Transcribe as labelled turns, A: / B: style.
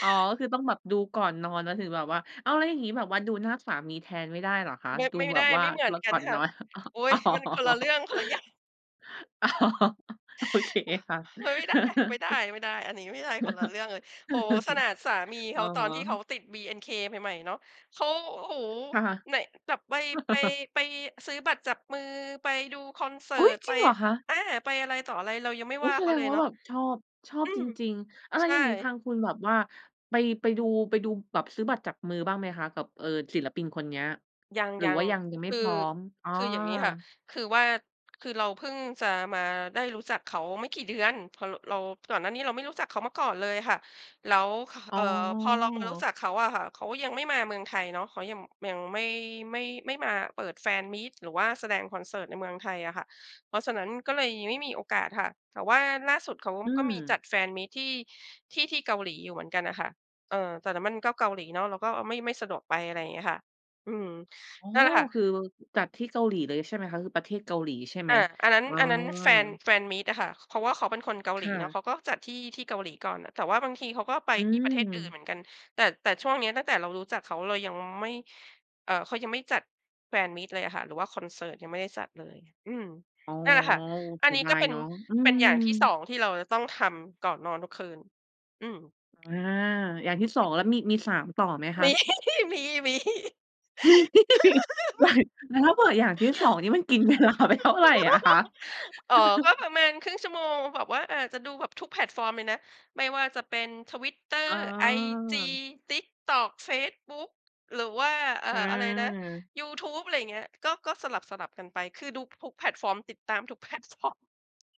A: อ๋อ ก็คือต้องแบบดูก่อนนอน แล้วถึงแบบว่า อ้าว แล้วอย่างงี้แบบว่า ดูหน้าสามีแทนไม่ได้เหรอคะ?
B: ด
A: ดู
B: ไม่
A: แบ
B: ได
A: บ
B: ้
A: ว่า
B: ไม่เหมือ
A: ร
B: นก
A: ก
B: ั
A: ่
B: น
A: อน
B: ค
A: น
B: ่ะ
A: อน
B: โอ๊
A: อ
B: ย!
A: ๋อ
B: มันคนละเรื่อง คนละอย่าง
A: อ๋อ โอเคค่ะ
B: เฮ้ย ได้ ไม่ได้ ๆ อันนี้ไม่ได้ คนละเรื่องเลย โอ้โฮ ขนาดสามีเ
A: อ
B: ข
A: ๋อ
B: า ตอนที่เขาติด BNK ใหม่ ๆ เนาะ เขา โอ้โฮ
A: ค่ะ
B: ไหน แบบไป ไป ไปซื้อบัตรจับมือ ไปดูคอนเสิ
A: อุ
B: ร
A: ๊
B: ์
A: ย!
B: ต
A: จ
B: ไ
A: ร
B: ป
A: ิงเหรอคะ?
B: อา ไปอะไรต่ออะไร เรายังไม่
A: โอ้
B: ว่า
A: แส
B: เขา
A: ด
B: เ
A: ง
B: ลย
A: ว่
B: เ
A: า
B: นาะ
A: แบบชอบ ชอ
B: อ
A: บ
B: ื
A: จ
B: ม
A: ริง ๆ อะไร
B: ใช
A: อย่างงี้ ทา
B: ่
A: งคุณแบบว่าไป ไปดู ไปดูแบบซื้อบัตรจับมือบ้างไหมคะกับ เออ ศิลปินคนเนี้ย
B: ย
A: หรือ
B: ั
A: ว
B: ง
A: ่ายัง ยัง
B: ๆ
A: ไม
B: ค
A: ่
B: ือ
A: พร้อม? อ้อ
B: คืออย่างงี้ค่ะ คือว่า คือเราเพิ่งจะมาได้รู้จักเขาไม่กี่เดือน พอเรา ก่อนหน้านี้เราไม่รู้จักเขามาก่อนเลยค่ะ แล้ว ค
A: อ
B: เ
A: ๋
B: อ่อ พอเรามารู้จ
A: อ
B: ักเขาอะค่ะ เขาก็ยังไม่มาเมืองไทยเนาะ เขายัง ยังไม่ ไม่ ไม่มาเปิดแฟนมีต หรือว่าแสดงคอนเสิร์ตในเมืองไทยอะค่ะ เพราะฉะนั้นก็เลยยังไม่มีโอกาสค่ะ แต่ว่าล่าสุด เขา
A: อื
B: ก็มีจ
A: ม
B: ัดแฟนมีตที่ ที่ ที่เกาหลีอยู่เหมือนกันน่ะค่ะ เออ แต่นั่นมันก็เกาหลีเนาะ เราก็ อะ ไม่ ไม่สะดวกไป อะไรอย่างเงี้ยค่ะ อืม
A: อ๋อ
B: นั่นแหละค่ะ
A: คือจัดที่เกาหลีเลยใช่ไหมคะ? คือประเทศเกาหลีใช่ไห
B: อ
A: ม?
B: า อันนั้น
A: อ๋อ
B: อันนั้นแฟน แฟนมีตอะค่ะ เพราะว่าเขาเป็นคนเกาห
A: ค
B: ลี
A: ่
B: เนาะ เ
A: ะ
B: ขาก็จัดที่ ที่เกาหลีก่อนน่ะ แต่ว่าบางทีเขาก็ไป
A: อื
B: ที่ประเทศอื่นเ
A: ม
B: หมือนกัน แต่ แต่ช่วงเนี้ยตั้งแต่เรารู้จักเขา เรายังไม่ เอ่อ เขายังไม่จัดแฟนมีตเลยอะค่ะ หรือว่าคอนเสิร์ตยังไม่ได้จัดเลย อืม
A: อ๋อ
B: นั่นแหละค่ะ
A: โอ้
B: อ
A: เ
B: ั
A: ส
B: น
A: ี
B: น
A: ย
B: ี้
A: ดา
B: ก็
A: ย
B: เป็
A: เ
B: น
A: นาะ อื
B: เป็น
A: ม
B: อย่างที่ 2 ที่เราจะต้องทำก่อนนอนทุกคืน อืม
A: อา อย่างที่ 2
B: [unintelligible]
A: แล้วมี มี 3 ต่อไหมค
B: ม
A: ะ?
B: ี มี ๆ
A: มี อย่าง แล้วถ้าเปิดอย่างที่ 2 นี่มันกินเวลาไปเท่าไรอะคะ?
B: เอ่อ ก็ประมาณครึ่งชั่วโมงแบบว่าอาจจะดูแบบทุกแพลตฟอร์มเลยนะ ไม่ว่าจะเป็น Twitter
A: อ๋
B: IG
A: อ
B: TikTok เฟซบุ๊ก หรือว่า เอ่อ อะไรนะ
A: อา
B: ยูทูบ อะไรอย่างเงี้ย ก็ ก็สลับ ๆ กันไป คือดูทุกแพลตฟอร์ม ติดตามทุก แพลตฟอร์ม